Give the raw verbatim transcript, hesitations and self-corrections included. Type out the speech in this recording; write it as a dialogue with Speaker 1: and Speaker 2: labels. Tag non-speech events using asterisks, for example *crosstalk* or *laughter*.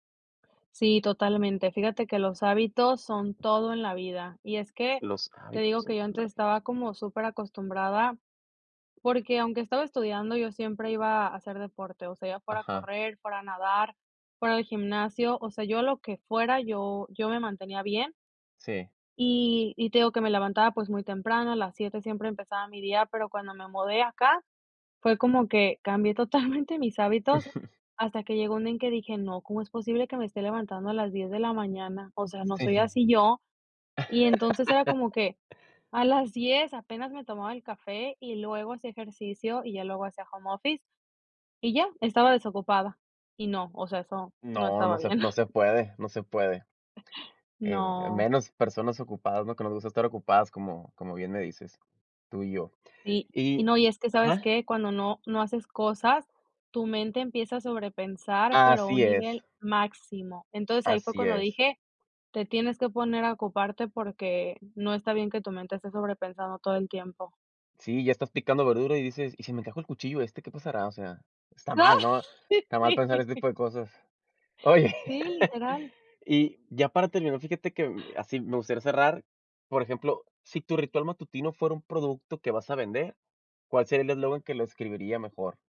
Speaker 1: Sí, totalmente, fíjate que los hábitos son todo en la vida, y es que,
Speaker 2: Los
Speaker 1: te
Speaker 2: hábitos,
Speaker 1: digo
Speaker 2: son
Speaker 1: que yo antes
Speaker 2: clave.
Speaker 1: estaba como superacostumbrada porque, aunque estaba estudiando, yo siempre iba a hacer deporte, o sea, ya fuera
Speaker 2: Ajá.
Speaker 1: correr, fuera nadar, fuera el gimnasio, o sea, yo a lo que fuera, yo yo me mantenía bien.
Speaker 2: Sí.
Speaker 1: Y y te digo que me levantaba pues muy temprano, a las siete siempre empezaba mi día, pero cuando me mudé acá, fue como que cambié totalmente mis hábitos
Speaker 2: *chuckles*
Speaker 1: hasta que llegó un día en que dije: "No, ¿cómo es posible que me esté levantando a las diez de la mañana?", o sea, no
Speaker 2: Sí.
Speaker 1: soy así yo, y entonces era
Speaker 2: *laughs*
Speaker 1: como que, a las diez apenas me tomaba el café y luego hacía ejercicio y ya luego hacía home office y ya, estaba desocupada y no, o sea, eso no
Speaker 2: No,
Speaker 1: estaba
Speaker 2: no se
Speaker 1: bien.
Speaker 2: no se
Speaker 1: *giggles*
Speaker 2: puede, no se puede, eh,
Speaker 1: No.
Speaker 2: menos personas ocupadas, ¿no?, que nos gusta estar ocupadas como como bien me dices, tú y yo
Speaker 1: Sí, y
Speaker 2: y
Speaker 1: no, y es que, ¿sabes
Speaker 2: ¿ajá?
Speaker 1: qué?, cuando no no haces cosas, tu mente empieza a sobrepensar, pero a un
Speaker 2: Así es.
Speaker 1: nivel máximo. Entonces, ahí fue
Speaker 2: Así
Speaker 1: cuando
Speaker 2: es.
Speaker 1: dije: "Te tienes que poner a ocuparte porque no está bien que tu mente esté sobrepensando todo el tiempo".
Speaker 2: Sí, ya estás picando verdura y dices: "Y si me encajo el cuchillo este, ¿qué pasará?", o sea, está mal, ¿no?,
Speaker 1: *laughs*
Speaker 2: está mal
Speaker 1: Sí.
Speaker 2: pensar este tipo de cosas. Oye,
Speaker 1: Sí, literal.
Speaker 2: *laughs* y ya para terminar, fíjate que así me gustaría cerrar, por ejemplo, si tu ritual matutino fuera un producto que vas a vender, ¿cuál sería el eslogan que lo describiría mejor?